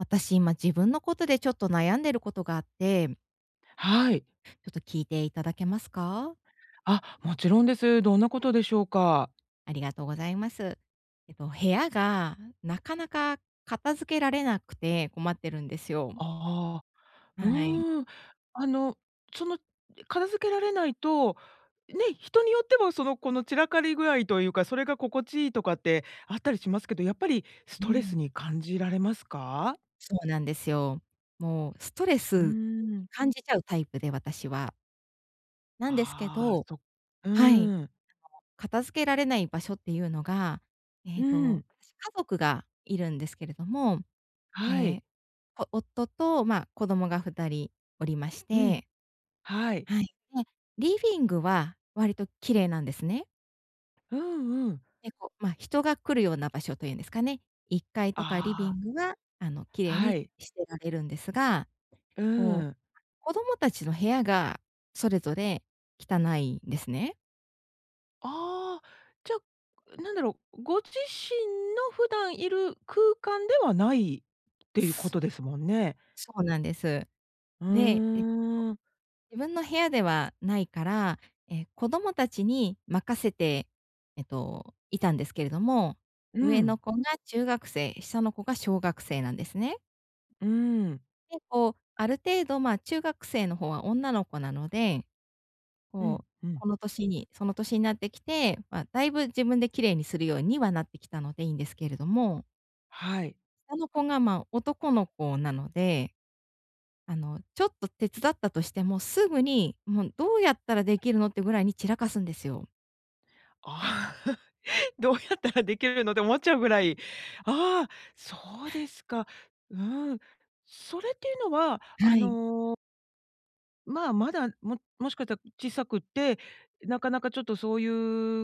私、今、自分のことでちょっと悩んでることがあってはい。ちょっと聞いていただけますか？あ、もちろんです。どんなことでしょうか？ありがとうございます。えと、部屋がなかなか片付けられなくて困ってるんですよ。ああ。うはい。ーん。あの、その、片付けられないと、ね、人によっても、その、この散らかり具合というか、それが心地いいとかってあったりしますけど、やっぱりスうトレスにん。感じられますか？そうなんですよ。もう、ストレうースん。感じちゃうタイプで、私は。なんですけああ、どそ。うはい。ーん。あの、片付けられない場所っていうのが、えうっと、ん。私、家族がいるんですけれども、えはい。え、ぽ夫と、まあ子供が2人おりましうん。て。はい。はい。で、リビングは割と綺麗なんですね。うんうん。で、こ、まあ人が来るような場所というんですかね、1階とかリあビあ。ングはあの、綺麗はにい。してられるんですが、うこう、ん。子供たちの部屋がそれぞれ、汚いんですね。ああ、じゃ、なんだろう、ご自身の普段いる空間ではないっていうことですもんね。そうなんです。うで、えっと、ーん。自分の部屋ではないから、え、子供たちに任せて、えっと、いたんですけれども、う上ん。の子が中学生、下の子が小学生なんですね。うん。結構、ある程度、ま、中学生の方は女の子なので、うこんう、うん。この年に、その年になってきて、ま、だいぶ自分で綺麗にするようにはなってきたのでいいんですけれども。はい。下の子が、ま、男の子なので、あの、ちょっと手伝ったとしても、すぐにもうどうやったらできるのってぐらいに散らかすんですよ。ああ。どうやったらできるのって思っちゃうぐらい、ああ、そうですか。うん。それっていうのは、あはい。のま、まだ、ももしかしたら小さくって、なかなかちょっとそうい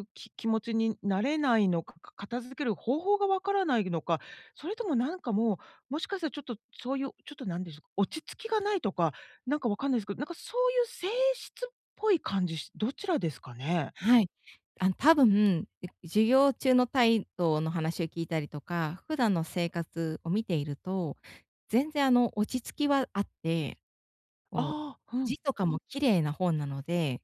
う、き気持ちになれないのか、か片付ける方法がわからないのか、それともなんかもう、もしかしたらちょっと、そういう、ちょっとなんでしょうか、落ち着きがないとか、なんか分かんないですけど、なんかそういう性質っぽい感じし、どちらですかね？はい。あ、多分、いじゅ授業中の態度の話を聞いたりとか、普段の生活を見ていると、全然あの落ち着きはあって、こう、ああ、うん。字とかも綺麗なほうなので、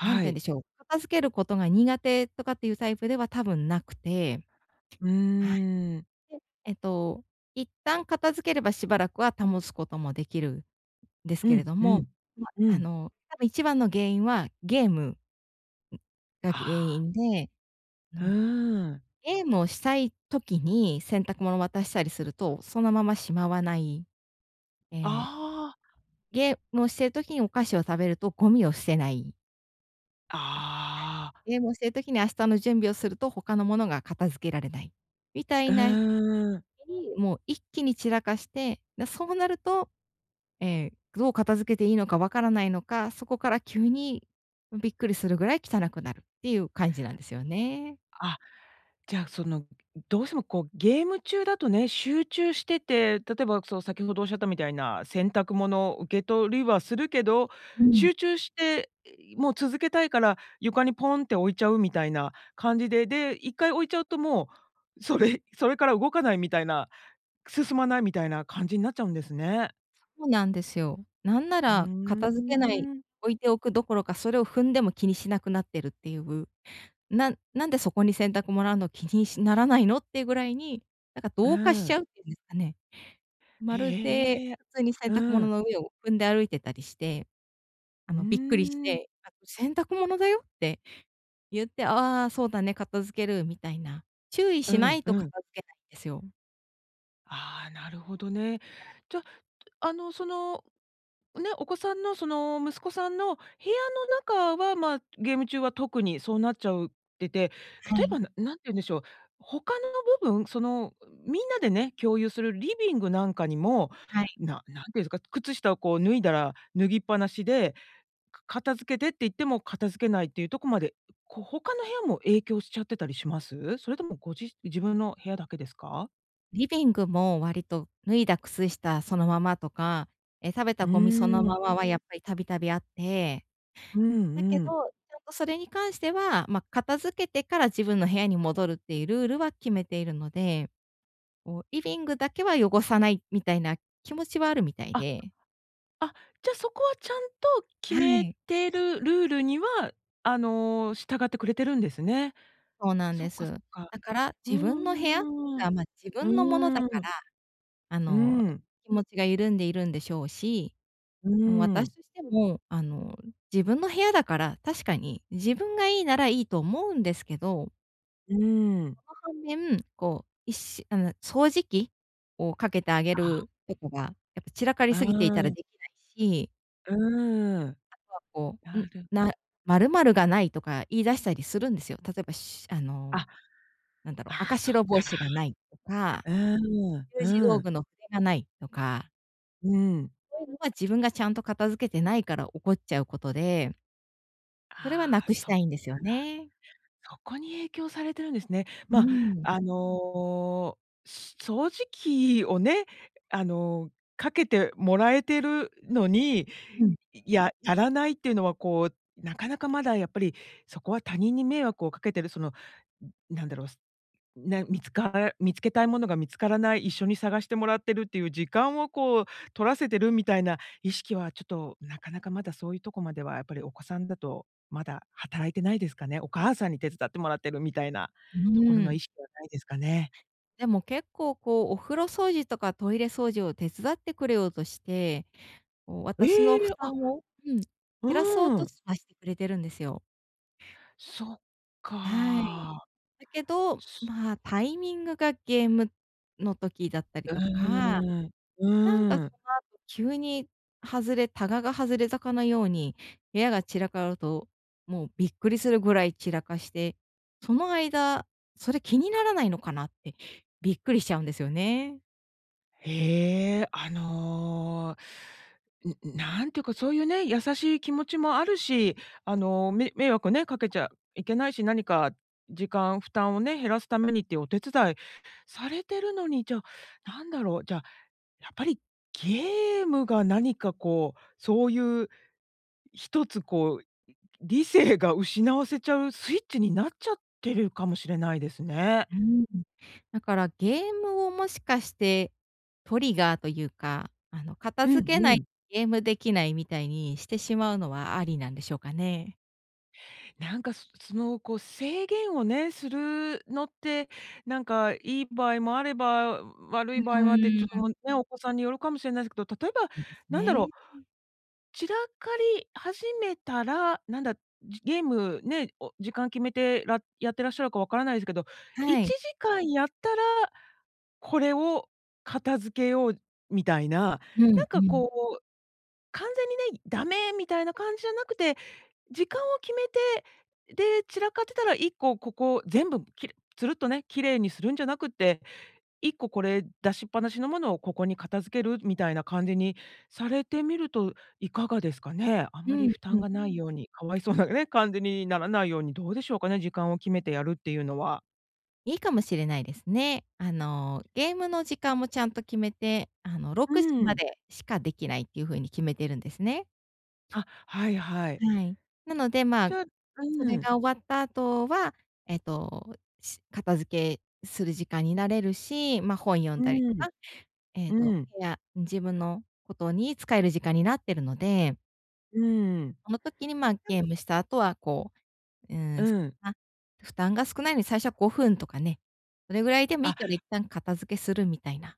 何て言うんい。でしょう、片付けることが苦手とかっていうタイプでは多分なくて。うはい。ーん。で、えっと、一旦片付ければしばらくは保つこともできる、ですうけれんどうも、ん、ま、うあん。の多分1番の原因は、ゲームがあ原あ。因で、うーの、ん。ゲームをしたい時に、洗濯物を渡したりすると、そのまましまわない。ええ。ああ。ゲームをしている時にお菓子を食べるとゴミを捨てない。あ。はああ。い。ゲームをしてる時に明日の準備をすると、他のものが片付けられない、みたういな時ーん。に、もう一気に散らかして、な、そうなると、え、どう片付けていいのか分からないのか、そこから急にびっくりするぐらい汚くなるっていう感じなんですよね。あ、じゃあ、その、どうしてもこうゲーム中だとね、集中してて、例えばその先ほどおっしゃったみたいな、洗濯物受けとりはするけど、うん。集中して、もう続けたいから、床にポンって置いちゃうみたいな感じで、で、一回置いちゃうともう、それ、それから動かないみたいな、進まないみたいな感じになっちゃうんですね。そうなんですよ。なんなうら片付けない、ーん。置いておくどころか、それを踏んでも気にしなくなってるっていう、ななんでそこに洗濯物あんの気にしならないのっていうぐらいに、なんかう同化しちん。ゃうっていうんですかね。まるでへえ、普通に洗濯う物ん。の上を踏んで歩いてたりして、あうーのびっくりしん。て、たく、洗濯物だよって言って、ああそうだね、片付けるみたいな。注意うしなんいとう片ん。付けないんですよ。ああ、なるほどね。じゃ、あの、そのね、お子さんのその息子さんの部屋の中は、まあゲーム中は特にそうなっちゃうってて、は例えい。ばな何て言うんでしょう、他の部分、そのみんなでね、共有するリビングなんかにも、はい。な何て言うんですか、靴下をこう脱いだら、脱ぎっぱなしで、か片付けてって言っても片付けないっていうとこまで、こう、他の部屋も影響しちゃってたりします？それともごじ自分の部屋だけですか？リビングも割と脱いだ靴下そのままとか、え、食べうたゴミそのーん。ままはやっぱり度々あって。うだけん、ど、うん。ちゃんとそれに関しては、ま、片付けてから自分の部屋に戻るっていうルールは決めているので、こうリビングだけは汚さないみたいな気持ちはあるみたいあ、で。あ、じゃそこは、ちゃんと決はめい。てるルールには、あの従ってくれてるんですね。そうなんそっでか、そす。っか。だから、う自分の部屋ーん、が、ま、自う分のものだかーん、ら、あうの、ん。気持ちが緩んでいるんでしょうし、うもう、ー私ん。としても、あの、自分の部屋だから、確かに、自分がいいならいいと思うんですけどうーん。その反面、こういっしあの掃除機をかけてあげああ。るとかが、やっぱ散らかりあすぎていたらあ。できないし。うーん。あとはこう、うなん、るな丸々がないとか言い出したりするんですよ。例えばしあの、あ、なんだろう、あ赤あ、そっ白帽かか。子がないとか。うーん、習字う道具ん。の筆がないとか。うん。そういうのは自分がちゃんと片付けてないから起こっちゃうことで。それは無ああ、くしそったか。いんですよね。そこに影響されてるんですね。うま、ん。あの、す掃除機をね、あの、かけてもらえてるのに、うん。ややらないっていうのはこう、なかなかまだやっぱり、そこは他人に迷惑をかけてるそのなんだろう、ね、見つから見つけたいものが見つからない、一緒に探してもらってるっていう時間をこう取らせてるみたいな意識はちょっとなかなかまだそういうとこまではやっぱりお子さんだと、まだ働いてないですかね。お母さんに手伝ってもらってるみたいなうところーの意ん。識はないですかね。でも結構こう、お風呂掃除とかトイレ掃除を手伝ってくれようとして、こうえ、私の負あ。担を、うん、減うらそうーとん。しはしてくれてるんですよ。そっはい。か。だけど、すまあタイミングがゲームの時だったりうとか、ーん、なんかうん。その後急に外れたがが外れたかのように、部屋が散らかると、もうびっくりするぐらい散らかして、その間、それ気にならないのかなって、びっくりしちゃうんですよね。へえ、あの、ううなんていうかそういうね、優しい気持ちもあるし、あの、め迷惑ね、かけちゃいけないし、何か、時間、負担をね、減らすためにっていうお手伝いされてるのに、じゃあ、なんだろう、じゃあ、やっぱりゲームが何かこう、そういう、一つこう、理性が失わせちゃうスイッチになっちゃってるかもしれないですね。うーん。だからゲームをもしかして、トリガーというか、あの片うん付けうないん。とゲームできないみたいにしてしまうのはありなんでしょうかね。なんか、そそのこう制限をね、するのって、なんかいい場合もあれば、悪うい場合もあって、ちーょっとん。もうね、お子さんによるかもしれないですけど、例えば、そうですなんだろう。ね。うん。散らかり始めたら、なんだ、じゲームね、を時間決めて、らやってらっしゃるかわからないですけど、いはちい。じかんやったら、これを片付けようみたいな、うなんんうかん。こう、完全にね、ダメみたいな感じじゃなくて、時間を決めて、で、散らかってたら1個ここ全部きれつるっとね、綺麗にするんじゃなくて、1個これ出しっぱなしのものをここに片付けるみたいな感じにされてみると、いかがですかね。あうまりん負担うん。がないように、かわいそうなね、感じにならないように、どうでしょうかね、時間を決めてやるっていうのは。いいかもしれないですね。あの、ゲームの時間もちゃんと決めて、あのろうくじまん。でしかできないっていうふうに決めてるんですね。あ、はいはい。はい。なので、まちあ、ょそうれん。が終わった後は、えっと、し片付けする時間になれるし、ま、本読んうだりとん。か、ええうと、ん。部屋自分のことに使える時間になってるので。うううん。その時に、まあ、や。ゲームした後は、こう、うーん、うん。あ、負担が少ないのに最初は5分とかね、それぐらいでもいいからあ。一旦片付けするみたいな。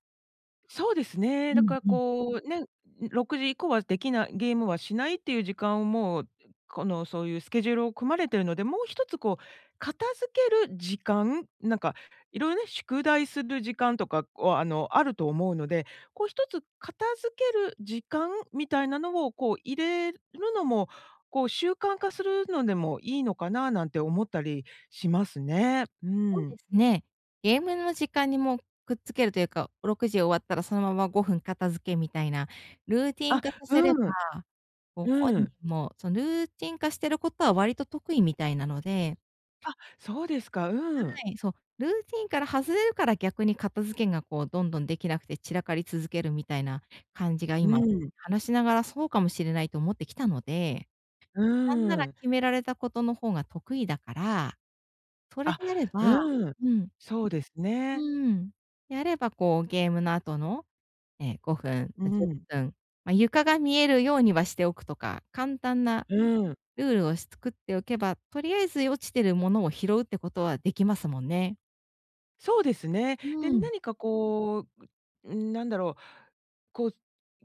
そうですね。うだん、からうん。こう、ね、6時以降はできない、ゲームはしないっていう時間をもう、このそういうスケジュールを組まれてるので、もう一つこう、片付ける時間、なんか、色々ね、宿題する時間とかは、あの、あると思うので、こう一つ片付ける時間みたいなのをこう入れるのも、こう習慣化するのでもいいのかななんて思ったりしますね。うそうでん。すね。ゲームの時間にもう、くっつけるというか、6時終わったらそのまま5分片付けみたいな、ルーティンあ、化させれうん。ば、もう本う人ん。もそのルーティン化してることは割と得意みたいなので。あ、そうですか。うはん。い、そう、ルーティンから外れるから、逆に片付けがこう、どんどんできなくて散らかり続けるみたいな感じが、う今ん。話しながら、そうかもしれないと思ってきたので、うなんならん。決められたことの方が得意だから、それあ、であればうん。うん。そうですうね。ーん。であればこうゲームの後の、ええ5分、うあ、じゅっん。ぷん、ま、床が見えるようにはしておくとか、簡単なうん。ルールをし作っておけば、とりあえず落ちてるものを拾うってことはできますもんね。そうですね。うで、ーん。何か、こう、うーん、なんだろう、こう、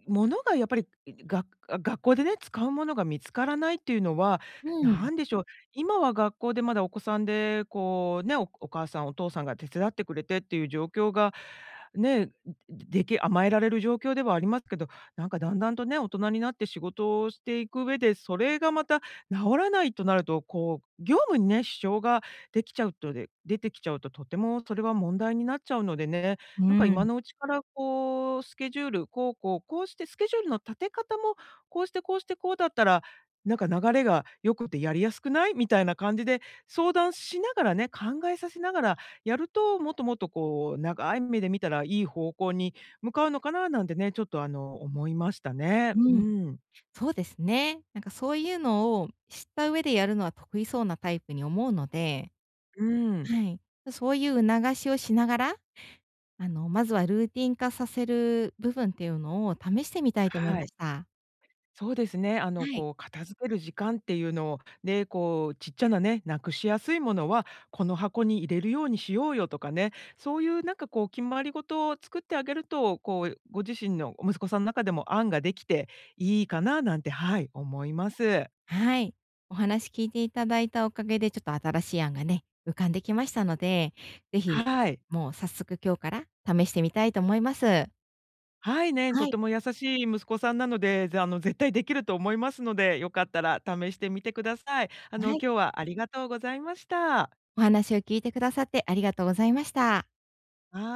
物がやっぱり、が学校でね、使うものが見付からないっていうのは、うーん。なんでしょう、今は学校でまだお子さんで、こうね、お母さん、お父さんが手伝ってくれてっていう状況がね、でき甘えられる状況ではありますけど、なんか、段々とね、大人になって仕事をしていく上で、それがまた直さないとなると、こう、業務にね、支障ができちゃうとで出てきちゃうと、とてもそれは問題になっちゃうのでね、うなんか、ー今ん。のうちからこうスケジュールこうこうこうしてスケジュールの立て方もこうしてこうして、こうだったら、なんか、流れが良くてやりやすくない？みたいな感じで、相談しながらね、考えさせながら、やると、もっともっと、こう、長い目で見たらいい方向に向かうのかな、なんてね、ちょっと、あの、思いましたね。ううん。ーん。そうですね。なんか、そういうのを知った上でやるのは得意そうなタイプに思うので、うーん。はい。そういう促しをしながら、あの、まずはルーティン化させる部分っていうのを試してみたいと思いはまい。した。そうですね、あの、はい。こう片付ける時間っていうのをね、こう、ちっちゃなね、なくしやすいものは、この箱に入れるようにしようよ、とかね、そういう、なんか、こう、決まりごとを作ってあげると、こう、ご自身の息子さんの中でも案ができていいかな、なんて、はい、思います。はい。お話聞いていただいたおかげでちょっと新しい案がね、浮かんできましたので、ぜひ、はい。もう、早速今日から試してみたいと思います。はい、ね、はとい。ても優しい息子さんなので、ぜあの、絶対できると思いますので、よかったら試してみてください。あはの、い。今日はありがとうございました。お話を聞いてくださってありがとうございました。はあ。